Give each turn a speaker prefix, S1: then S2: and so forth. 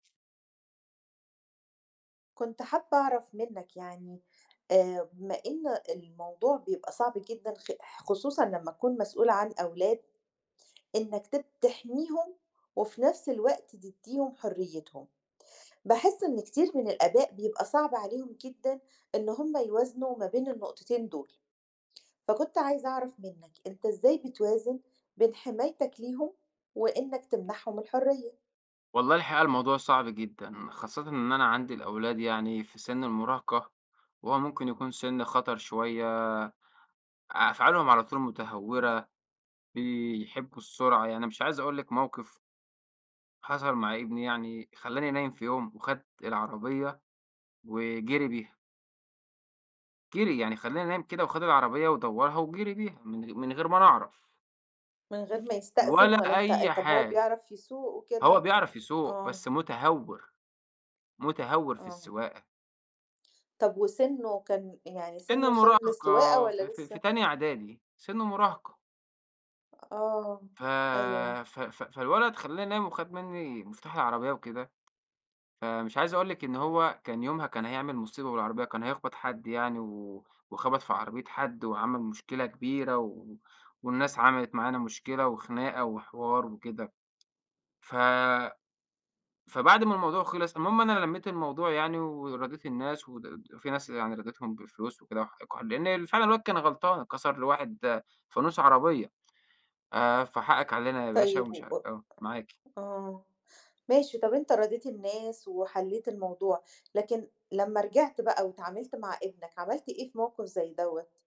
S1: كنت حابة أعرف منك يعني، آآ بما إن الموضوع بيبقى صعب جدًا خِ خُصوصًا لمّا تكون مسؤول عن أولاد، إنك ت تحميهم وفي نفس الوقت تديهم حريتهم. باحس إن كتير من الآباء بيبقى صعب عليهم جدًا إن هم يوازنوا ما بين النقطتين دول. فكنت عايزة أعرف منك، أنت إزاي بتوازن بين حمايتك ليهم وإنك تمنحهم الحرية؟
S2: والله الحقيقة الموضوع صعب جدًا، خاصةً إن أنا عندي الأولاد يعني في سِن المراهقة، وهو ممكن يكون سِن خطر شوية، أفعالهم على طول مُتهورة، بيحبوا السرعة، يعني أنا مش عايز أقول لِك موقف حصل مع ابني، يعني خلّاني نايم في يوم، وخد العربية وجِري بيها. جِري، يعني خلّاني نايم كده وخد العربية ودوَّرها وجِري بيها، من غ من غير ما أنا أعرف.
S1: من غير ما يستأذن
S2: ولا
S1: والّا أنت
S2: أي
S1: طب هو
S2: حاجة،
S1: بيعرف يسوق
S2: هو
S1: وكده؟
S2: بيعرف يسوق
S1: آه.
S2: بس مُتهور، مُتهور في
S1: آه.
S2: السواقة.
S1: طب وسِنه كان يعني
S2: سِن
S1: سِنه سِن للسواقة
S2: مراهقة، في
S1: والّا
S2: في في
S1: لسه؟
S2: تانية إعدادي، سِن مراهقة.
S1: آه،
S2: ف
S1: أيوه.
S2: ف ف فالولد خلّاني نايم وخد منّي مفتاح العربية وكده، فمش عايز أقول لِك إن هو كان يومها كان هيعمل مصيبة بالعربية، كان هيخبَط حد يعني و وخبَط في عربية حد وعمل مشكلة كبيرة و والناس عملِت معانا مشكلة وخناقة وحوار وكده.ف فبعد ما الموضوع خلِص المهم أنا لميت الموضوع يعني وراضيت الناس و [unintelligible] في ناس يعني راضيتهم بالفلوس وكده وحقكم عل لأن فعلًا الواد كان غلطان، كسَر لواحد فانوس عربية. آآ فحقك علينا يا باشا
S1: طيب
S2: ومش
S1: و
S2: ع آه معاكِ.
S1: آه، ماشي طب أنت راضيت الناس وحليت الموضوع، لكن لمّا رجِعت بقى واتعاملت مع ابنك، عملت إيه في موقف زي دَوَّة؟